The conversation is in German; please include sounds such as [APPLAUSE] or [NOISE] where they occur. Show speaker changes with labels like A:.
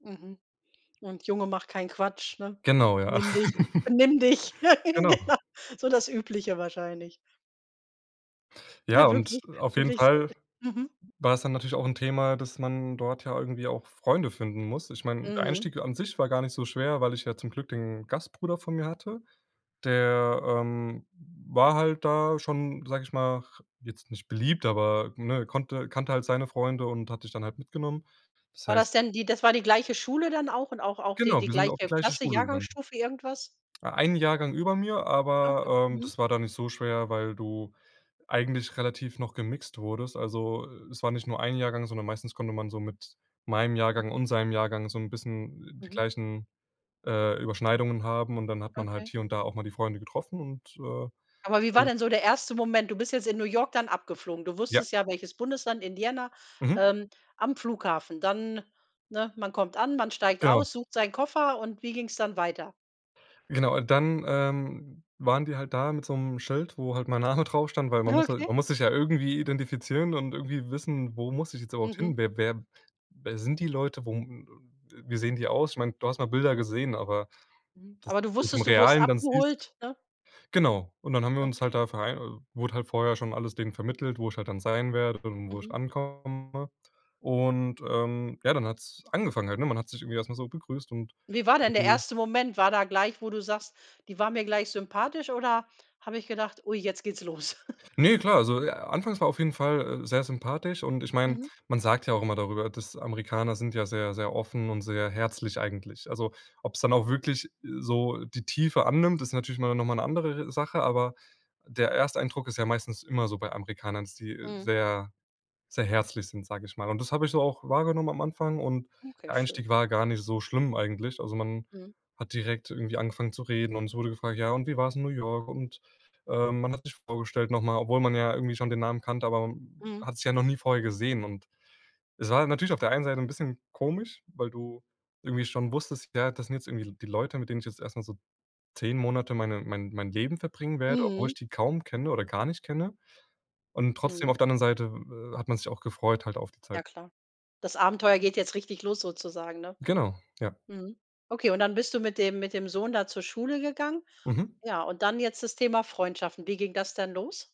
A: Mhm. Und: „Junge mach keinen Quatsch“, ne?
B: Genau, ja.
A: „Benimm dich,
B: [LAUGHS]
A: benimm dich.“ [LAUGHS]
B: Genau.
A: Genau. So das Übliche wahrscheinlich. Ja
B: Ja
A: w
B: und
A: w
B: auf jeden
A: wirklich so
B: Fall
A: [CHUCKLES] mhm.
B: war's dann natürlich auch 'n Thema, dass man dort ja irgendwie auch Freunde finden muss. Ich mein, der
A: Mhm.
B: Einstieg an sich war gar nicht so schwer, weil ich ja zum Glück den Gastbruder vor mir hatte. Der, ähm, war halt da schon, sag ich mal, r jetzt nicht beliebt, aber ne, konnte kannte halt seine Freunde und hat mich dann halt mitgenommen. Das
A: War
B: heißt
A: das denn die das war die gleiche Schule dann auch und auch auch die
B: Genau, wir sind auf die
A: gleiche
B: gleiche
A: Klasse,
B: Schule gegangen.
A: Jahrgangsstufe, irgendwas?
B: E ein Jahrgang über mir,
A: Okay,
B: aber, ähm,
A: mhm.
B: das war dann nicht so schwer, weil du eigentlich relativ noch gemixt wurdest. Also, es war nicht nur ein Jahrgang, sondern meistens konnte man so mit meinem Jahrgang
A: Mhm.
B: und seinem Jahrgang so 'n bisschen die
A: Mhm.
B: gleichen, äh, Überschneidungen haben. Und dann hat man halt
A: Okay.
B: hier und da auch mal die Freunde getroffen, und äh,
A: Aber wie war
B: dann
A: denn so der erste Moment? Du bist jetzt in New York dann abgeflogen. Du
B: Ja.
A: wusstest ja, welches Bundesland, Indiana,
B: Mhm.
A: ähm, am Flughafen. Dann, ne, man kommt an, man steigt
B: Genau.
A: aus, sucht seinen Koffer und wie ging's dann weiter?
B: Genau und dann, ähm, waren die halt da mit so 'nem Schild, wo halt mein Name drauf stand, weil man muss ja
A: Okay.
B: man muss sich ja irgendwie identifizieren und irgendwie wissen, wo muss ich jetzt überhaupt
A: Mhm.
B: hin? Wer wer wer sind die Leute? Wo wie sehen die aus? Ich meine, du hast mal Bilder gesehen, aber
A: Mhm.
B: dass
A: Aber du
B: du es im
A: wusstest, du wurdest
B: Realen dann siehst.
A: abgeholt, ne?
B: Genau. Und dann haben wir uns
A: Okay.
B: halt da vere wurde halt vorher schon alles denen vermittelt, wo ich halt dann sein werde und wo ich
A: Mhm.
B: ankomme. Und ähm, ja, dann hat's angefangen halt, ne? Man hat sich irgendwie erst mal so begrüßt und
A: Wie war denn der
B: irgendwie
A: erste Moment? War da gleich, wo du sagst, die waren mir gleich sympathisch oder habe ich gedacht, ui, jetzt geht's los? [CHUCKLES]
B: Ne, klar, also, äh anfangs war auf jeden Fall, äh, sehr sympathisch. Und ich mein,
A: Mhm.
B: man sagt ja auch immer darüber, dass Amerikaner sind ja sehr, sehr offen und sehr herzlich eigentlich. Also, ob's dann auch wirklich so die Tiefe annimmt, ist natürlich mal noch mal 'ne andere re Sache, aber der Ersteindruck ist ja meistens immer so bei Amerikanern, dass die
A: Mhm.
B: sehr, sehr herzlich sind, sag ich mal. Und das hab ich so auch wahrgenommen am Anfang und
A: Okay,
B: der
A: schön.
B: Einstieg war gar nicht so schlimm eigentlich. Also, man
A: Mhm.
B: hat direkt irgendwie angefangen zu reden und es wurde gefragt: „Ja und wie war's in New York?" Und, äh, man hat sich vorgestellt noch mal, obwohl man ja irgendwie schon den Namen kannte, aber
A: Mhm.
B: hat sich ja noch nie vorher gesehen. Und es war natürlich auf der einen Seite 'n bisschen komisch, weil du irgendwie schon wusstest, ja, das sind jetzt irgendwie L die Leute, mit denen ich jetzt erst mal so 10 Monate meine mein mein Leben verbringen werde, obwohl ich
A: Mhm.
B: die kaum kenne oder gar nicht kenne. Und trotzdem
A: Mhm.
B: auf der anderen Seite, w hat man sich auch gefreut halt auf die Zeit.
A: Ja klar. Das Abenteuer geht jetzt richtig los sozusagen, ne?
B: Genau, ja.
A: Mhm. Okay, und dann bist du mit dem mit dem Sohn da zur Schule gegangen.
B: Mhm.
A: Ja, und dann jetzt das Thema Freundschaften. Wie ging das dann los?